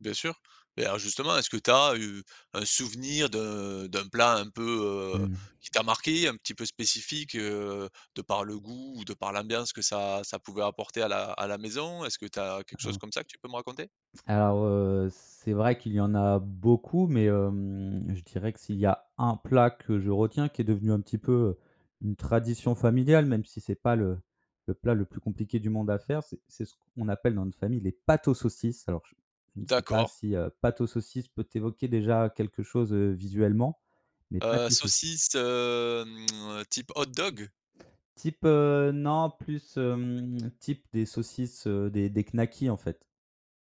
Bien sûr. Et alors justement, est-ce que tu as eu un souvenir d'un d'un plat un peu, heu, Mmh. qui t'a marqué, un petit peu spécifique, heu, de par le goût ou de par l'ambiance que ça ça pouvait apporter à la à la maison? Est-ce que tu as quelque chose Hein. comme ça que tu peux me raconter? Alors, heu, c'est vrai qu'il y en a beaucoup, mais hem, je dirais que s'il y a un plat que je retiens, qui est devenu un petit peu, heu, une tradition familiale, même si c'est pas le le plat le plus compliqué du monde à faire, c'est c'est ce qu'on appelle dans notre famille «les pâtes aux saucisses». Alors je je ne sais pas D'accord. si, heu, «pâtes aux saucisses» peut évoquer déjà quelque chose, heu, visuellement, les Heu, pâtes aux sauc saucisse, hem, type hot-dog? Type, heu non, plus, hem, type, des saucisses, heu, des des knackis en fait.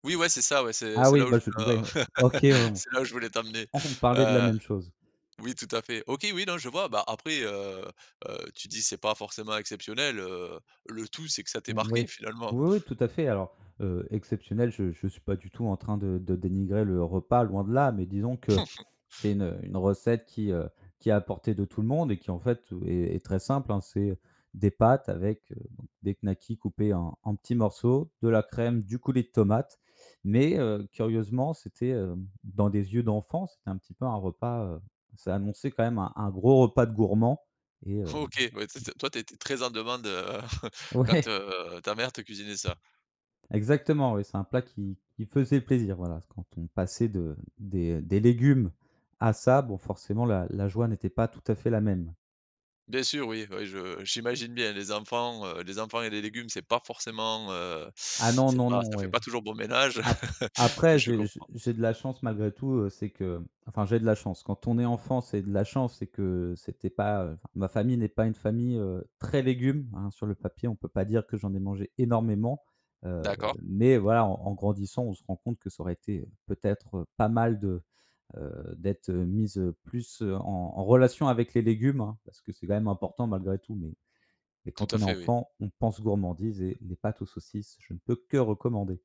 Oui, ouais, c'est ça, ouais c'est Ah c'est oui, là où bah, je je ouais, OK, ouais. c'est là où je voulais t'emmener. On parlait de la Heu, même chose. oui, tout à fait. OK, oui, non, je vois. Bah, après, heu, heu, tu te dis c'est pas forcément exceptionnel, heu, le tout c'est que ça t'ait Mmh, oui, marqué finalement. oui, oui, tout à fait. Alors, heu, «exceptionnel», je je suis pas du tout en train de, de dénigrer le repas, loin de là, mais disons que c'est une, heu, une recette qui, heu, qui est à portée de tout le monde et qui, en fait, heu, est très simple, hein. C'est des pâtes avec, heu, des knackis coupés en en petits morceaux, de la crème, du coulis de tomate. Mais, heu, curieusement, c'était, heu, dans des yeux d'enfants, c'était un petit peu un repas, heu, ça annonçait quand même un un gros repas de gourmand. Et heu OK, ouais, tu sais toi, tu étais très en demande, heu, quand, Ouais. heu, ta mère te cuisinait ça. Exactement, oui, c'est un plat qui qui faisait plaisir. Voilà, quand on passait de des, heu, des légumes à ça, bon, forcément, la la joie n'était pas tout à fait la même. Bien sûr oui, ouais, je j'imagine bien les enfants, heu, les enfants et les légumes c'est pas forcément, heu, Ah non, c'est non, pas non, ça fait ouais. pas toujours bon ménage, Ap après, je j'ai j'ai comprends. j'ai de la chance malgré tout, heu, c'est que enfin j'ai de la chance, quand on est enfant, c'est de la chance, c'est que c'était pas, heu, enfin, ma famille n'est pas une famille, heu, très légumes, hein. Sur le papier, on peut pas dire que j'en ai mangé énormément. Heu, D'accord. mais voilà, en grandissant, on se rend compte que ça aurait été peut-être, heu, pas mal de, heu, d'être, heu, mis, heu, plus, heu, en en relation avec les légumes hein, parce que c'est quand même important, malgré tout. Mais mais Tout quand à on est fait, oui. enfant, on pense gourmandise et des pâtes aux saucisses, je ne peux que recommander.